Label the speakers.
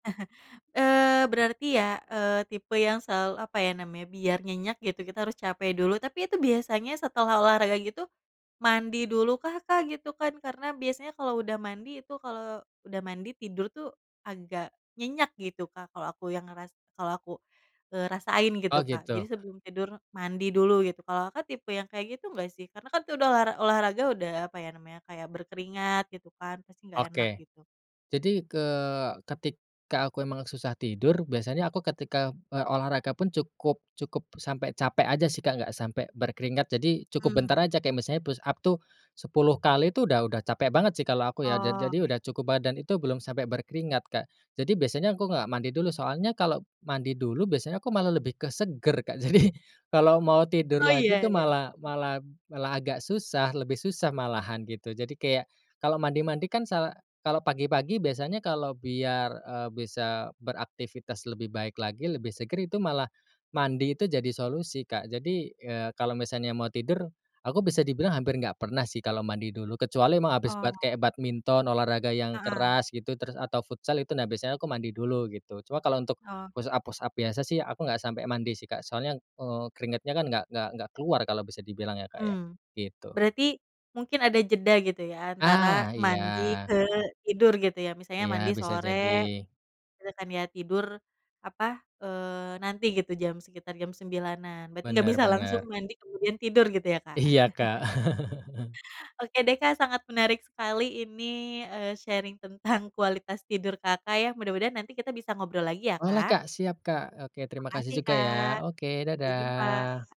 Speaker 1: Eee, berarti ya, eee, tipe yang sela apa ya namanya, biar nyenyak gitu kita harus capek dulu. Tapi itu biasanya setelah olahraga gitu, mandi dulukah, Kak, gitu kan? Karena biasanya kalau udah mandi itu, kalau udah mandi tidur tuh, agak nyenyak gitu, Kak, kalau aku yang ngeras kalau aku, eee, rasain
Speaker 2: Oh,
Speaker 1: gitu, Kak. Jadi
Speaker 2: gitu.
Speaker 1: sebelum tidur, mandi dulu, gitu. Kalau Kakak tipe yang kayak gitu nggak sih? Karena kan itu udah olahra olahraga udah apa ya namanya, kayak berkeringat, gitu kan. Pasti nggak enak,
Speaker 2: Oke.
Speaker 1: gitu.
Speaker 2: Jadi ke ketika aku emang susah tidur, biasanya aku ketika, eee, olahraga pun cukup cukup sampai capek aja sih, Kak, nggak sampai berkeringat, jadi cukup bentar
Speaker 1: Mmm.
Speaker 2: aja, kayak misalnya push-up tuh 10 kali itu udah udah capek banget sih kalau aku ya. Ja jadi
Speaker 1: Oke.
Speaker 2: udah cukup badan itu belum sampai berkeringat Kak. Jadi biasanya aku nggak mandi dulu, soalnya kalau mandi dulu biasanya aku malah lebih ke seger, Kak, jadi kalau mau tidur
Speaker 1: Oh,
Speaker 2: lagi tuh
Speaker 1: iya iya.
Speaker 2: malah
Speaker 1: Mmm.
Speaker 2: malah malah agak susah, lebih susah malahan, gitu. Jadi kayak, kalau mandi-mandi kan sa kalau pagi-pagi biasanya kalau biar, eee, bisa beraktivitas lebih baik lagi, lebih seger itu malah mandi itu jadi solusi, Kak. Jadi, eee, kalau misalnya mau tidur, aku bisa dibilang hampir nggak pernah sih kalau mandi dulu, kecuali emang habis bat
Speaker 1: Oh.
Speaker 2: kayak badminton, olahraga yang
Speaker 1: Heeh.
Speaker 2: keras gitu, terus atau futsal itu nah biasanya aku mandi dulu, gitu. Cuma kalau untuk
Speaker 1: Oke.
Speaker 2: push-up-push-up biasa sih aku nggak sampai mandi sih, Kak. Soalnya, eee, keringatnya kan nggak nggak nggak keluar kalau bisa dibilang ya, Kak, ya,
Speaker 1: Mmm.
Speaker 2: gitu.
Speaker 1: Berarti mungkin ada jeda gitu ya, antara
Speaker 2: Ah,
Speaker 1: mandi
Speaker 2: iya.
Speaker 1: ke tidur, gitu ya? Misalnya
Speaker 2: Iya,
Speaker 1: mandi
Speaker 2: bisa
Speaker 1: sore,
Speaker 2: jadi.
Speaker 1: terus kan ya tidur apa, eee, nanti gitu jam, sekitar jam 9.00-an. Berarti nggak
Speaker 2: Benar
Speaker 1: bisa langsung
Speaker 2: benar.
Speaker 1: mandi kemudian tidur gitu ya, Kak?
Speaker 2: Iya, Kak.
Speaker 1: Oke deh, Kak, sangat menarik sekali ini, eee, sharing tentang kualitas tidur Kakak ya. Mudah-mudahan nanti kita bisa ngobrol lagi ya,
Speaker 2: Boleh,
Speaker 1: Kak.
Speaker 2: Kak. Siap, Kak. Oke, terima kasih
Speaker 1: Makasih,
Speaker 2: juga
Speaker 1: Kak,
Speaker 2: ya. Oke,
Speaker 1: sampai jumpa.
Speaker 2: dadah.